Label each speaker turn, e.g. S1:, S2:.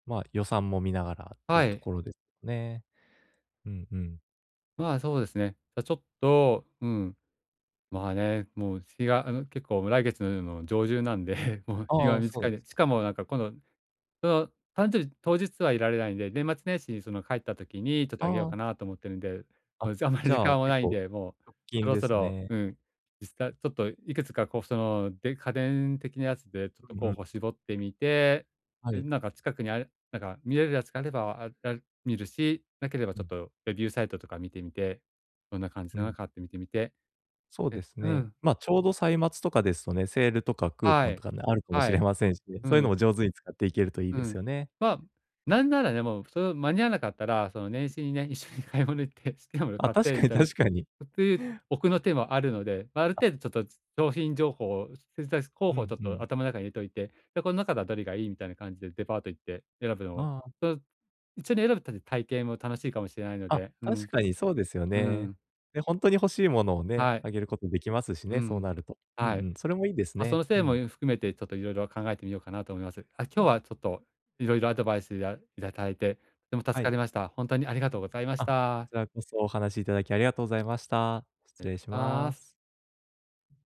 S1: まあ、予算も見ながらってい
S2: は
S1: うと
S2: い。
S1: ころで、ね。うん、うん。
S2: まあ、そうですね。や、ちょっと、うん、まあね、もう日が、あの、結構来月うの上旬なんで、もう
S1: あ
S2: 日
S1: ああ
S2: が
S1: あ、そう
S2: 短
S1: な
S2: い
S1: んす。
S2: でしかもなんか今度その、誕生日、当日はいられないんで、年末年始に、その、帰った時にちょっとあげよう
S1: ああ。
S2: かなと思ってるんで、
S1: あ、
S2: もう、じゃ、あんまり
S1: じ
S2: 時
S1: ゃあ
S2: 間は
S1: 結
S2: ないん
S1: 構、
S2: で、もう、
S1: 直
S2: そ
S1: 近
S2: ろ
S1: で
S2: そ
S1: す
S2: ろ、
S1: ね。
S2: うん、実際ちょっといくつかこう、その、で家電的なやつでちょっ
S1: う
S2: と
S1: う
S2: 候
S1: ん。
S2: 補絞ってみて、
S1: は
S2: うん、
S1: い。
S2: なんか近くにある、なんか見れるやつがあれば、ああ、見るし、なければ
S1: う
S2: ちょっ
S1: ん。
S2: とレビューサイトとか見てみて、どんな感じ
S1: う
S2: なの
S1: ん。
S2: かって見てみて、
S1: そうで
S2: で
S1: す
S2: う
S1: ね。
S2: ん。
S1: まあ、ちょうど歳末とかですとね、セールとかクー
S2: は
S1: ポンと
S2: い。
S1: かね、あるかも
S2: は
S1: しれ
S2: い。
S1: ませんしね、
S2: う
S1: そういうの
S2: ん。
S1: も上手に使っていけるといい
S2: う
S1: で
S2: ん、
S1: すよね。
S2: まあ、なんなら、でもそろ間に合わなかったら、その、年始にね、一緒に買い物行って「好きな物
S1: あ、
S2: 買っ
S1: 確
S2: て」
S1: か
S2: み
S1: に、
S2: たいに、
S1: 確かに。
S2: という奥の手もあるので、ま、ある
S1: あ。
S2: 程度ちょっと、つ商品情報を、それに対し、候
S1: う
S2: 補をち
S1: ん、
S2: ょっ
S1: う
S2: と
S1: ん。
S2: 頭の中に入れといて、で「こん中だどりがいい？」みたいな感じでデパート行って選ぶの
S1: あ
S2: も、
S1: あ、あ。
S2: と、一緒に選ぶっての、たいけいも楽しいかもしれないの
S1: あ、
S2: で、うん。
S1: 確かにそうですよ
S2: う
S1: ね。
S2: ん。
S1: で、ほんとに欲しいものを
S2: は
S1: ね、
S2: い。
S1: あげることできますし
S2: う
S1: ね、そう
S2: ん。
S1: なると。うん、う
S2: はい。
S1: ん、それもいいです
S2: ま、そ
S1: ね、
S2: の
S1: う
S2: 線も、う
S1: ん。
S2: ん、含めてちょっと色々考えてみようかなと思います。あ、今日
S1: あ。
S2: はちょっといろいろアドバイスやいたたいて、ても助
S1: は
S2: か
S1: い。
S2: りました。ほんとにありがとうございまし
S1: あ、こち
S2: た。
S1: らこそお話しいただきありがとうございました。
S2: れ、
S1: 失
S2: い
S1: 礼
S2: たし
S1: し
S2: ま
S1: ま
S2: す。
S1: す。